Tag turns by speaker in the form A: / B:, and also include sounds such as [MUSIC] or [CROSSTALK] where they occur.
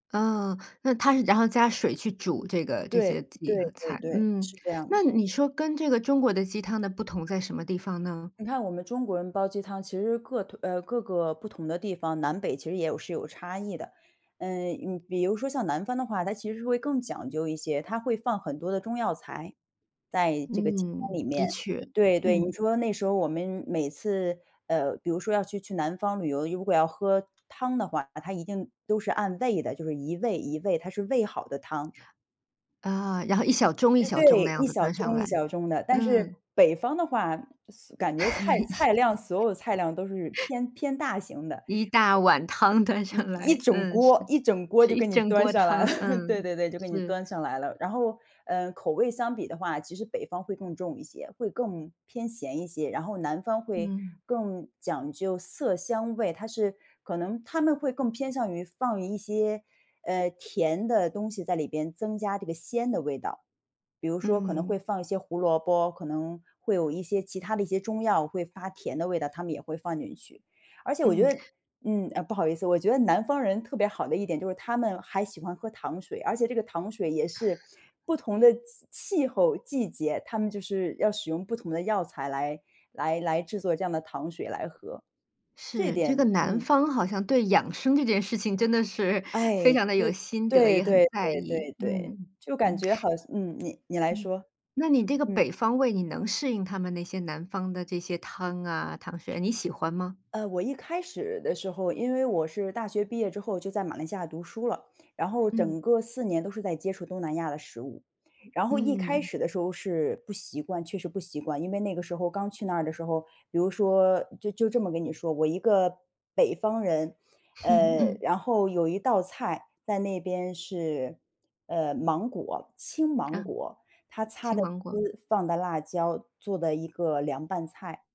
A: 啊，那他是然后加水去煮这个这些
B: 对，对
A: 鸡和
B: 对
A: 菜。
B: 对，
A: 嗯，
B: 是这样。
A: 那你说跟这个中国的鸡汤的不同，在什么地方呢？
B: 你看我们中国人煲鸡汤，其实各退呃，各个不同的地方，南北其实也有是有差异的。呃，你比如说像南方的话，它其实是会更讲究一些，它会放很多的中药材，在这个鸡汤
A: 嗯，
B: 里面。
A: 的确，
B: 对对，你
A: 嗯。
B: 说那时候我们每次呃，比如说要去去南方旅游，如果要喝汤的话，他一定都是按位的，就是一位、一位，他是煨好的汤。
A: 哦，然后一小盅一
B: 呃，
A: 小盅那
B: 对，
A: 样
B: 一
A: 子
B: 小
A: 端上
B: 盅一
A: 来，
B: 小盅的，但是
A: 嗯。
B: 北方的话，嘶感觉菜菜量所有的菜量都是
A: [CHUCKLES]
B: 偏偏大型的。
A: 一大碗汤端
B: 一
A: 上
B: 一
A: 来，
B: 整
A: 嗯，是。
B: 锅一整锅
A: 是
B: 就
A: 一
B: 给你
A: 整
B: 端
A: 锅
B: 上来了。
A: 汤，
B: [CHUCKLES] 对
A: 嗯，
B: 对对，就给你
A: 是。
B: 端上来了。然后，呃，口味相比的话，其实北方会更重一些，会更偏咸一些，然后南方会
A: 嗯。
B: 更讲究色香味，它是可能它们会更偏向于放一些，呃，甜的东西在里边，增加这个鲜的味道。比如说可能会
A: 嗯。
B: 放一些胡萝卜，可能会有一些其他的一些中药会发甜的味道，他们也会放进去。而且我觉
A: 嗯。
B: 得嗯，呃，不好意思，我觉得南方人特别好的一点，就是他们还喜欢喝糖水，而且这个糖水也是不同的气气候、季节，他们就是要使用不同的药材来来来制作这样的糖水来喝，这
A: 是，这个
B: 点
A: 南
B: 嗯。
A: 方好像对养生这件事情真的是，非
B: 哎，
A: 常地
B: 对，
A: 有心得，
B: 对
A: 也很
B: 对
A: 在
B: 对对
A: 意，
B: 对。
A: 嗯，
B: 就感
A: 嗯。
B: 觉好像嗯，你你来
A: 嗯，
B: 说。
A: 那你这个
B: 嗯。
A: 北方胃，你能适应他们那些南方的这些汤啊、糖水，你喜欢吗？
B: 呃，我一开始的时候，因为我是大学毕业之后，就在马来西亚读书了，然后
A: 嗯。
B: 整个4年都是在接触东南亚的食物。然后一开
A: 嗯。
B: 始的时候是不习惯，确实不习惯。因为那个时候刚去那儿的时候，比如说就就这么跟你说，我一个北方人，呃，
A: [CHUCKLES] 嗯。
B: 然后有一道菜在那边是，呃，芒果青芒
A: 啊，
B: 果。它擦
A: 青
B: 的
A: 芒果。
B: 丝，放的辣椒，做的一个凉拌菜。